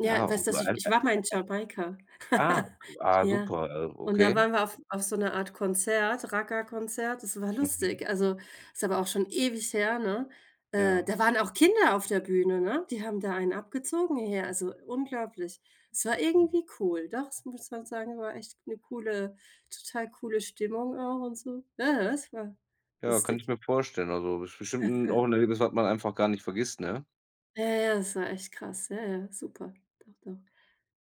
Ja, Ja, weißt dass ich ich [unintelligible] war mal in Jamaika. Ah, okay. Ah, Ja. super, äh, Und da okay. waren wir auf auf so 'ner Art Konzert, Raggae-Konzert, das war Mhm. lustig. Also, ist aber auch schon ewig her, ne? Äh, Ja. da waren auch Kinder auf der Bühne, ne? Die haben da einen abgezogen hier, also unglaublich. Es Ja, war cool. irgendwie cool. Doch, das muss man sagen, war echt 'ne coole total coole Stimmung auch und so., das war Ja, kann ich lustig. mir vorstellen. Also, es ist bestimmt 'n auch 'n Erlebnis, was man einfach gar nicht vergisst, ne? Ja, ja, das war echt krass, ja, ja, super. Doch, doch.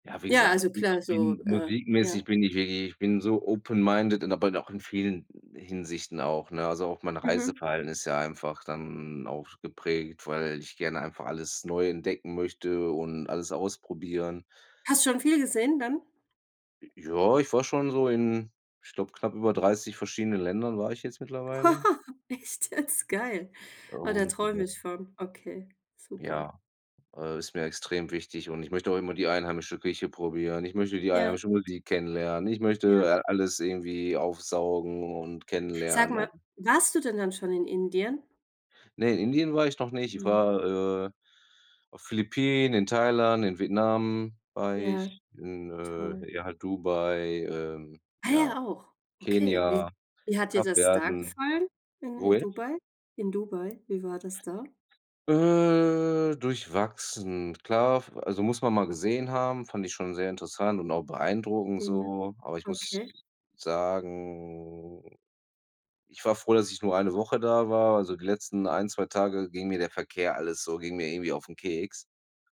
Ja, wie Ja, gesagt, also ich klar, so, bin äh musikmäßig Ja? bin ich wirklich ich bin so open minded in aber dann auch in vielen Hinsichten auch, ne? Also, auch meine Mhm. Reiseplanung ist ja einfach dann auch geprägt, weil ich gerne einfach alles neu entdecken möchte und alles ausprobieren. Hast schon viel gesehen dann? J Ja, ich war schon so in ich glaub, knapp über 30 verschiedenen Ländern war ich jetzt mittlerweile. Echt jetzt? Geil. Oh, da träume ich [unintelligible] von. Okay, super. Ja. Äh, ist mir extrem wichtig, und ich möchte auch immer die einheimische Küche probieren. Ich möchte die Ja. einheimische Musik kennenlernen. Ich möchte, Ja. äh, alles irgendwie aufsaugen und Sag kennenlernen mal, und warst du denn dann schon in Indien? Ne, in Indien war ich noch nicht, ich Ne. war, äh, auf Philippinen, in Thailand, in Vietnam war Ja, ich, in, toll. äh, ja, halt Dubai, ähm, Ah ja, ja, auch. Okay. Wie Kenia, wie hat dir das da Kapverden gefallen, in Wo in jetzt? Dubai? In Dubai, wie war das da? Äh, durchwachsen. Klar, f also muss man mal gesehen haben, fand ich schon sehr interessant und auch beeindruckend Ja. so. Aber ich muss Okay. sagen, ich war froh, dass ich nur eine Woche da war, also die letzten 1, 2 Tage ging mir der Verkehr alles so, ging mir irgendwie auf 'n Keks.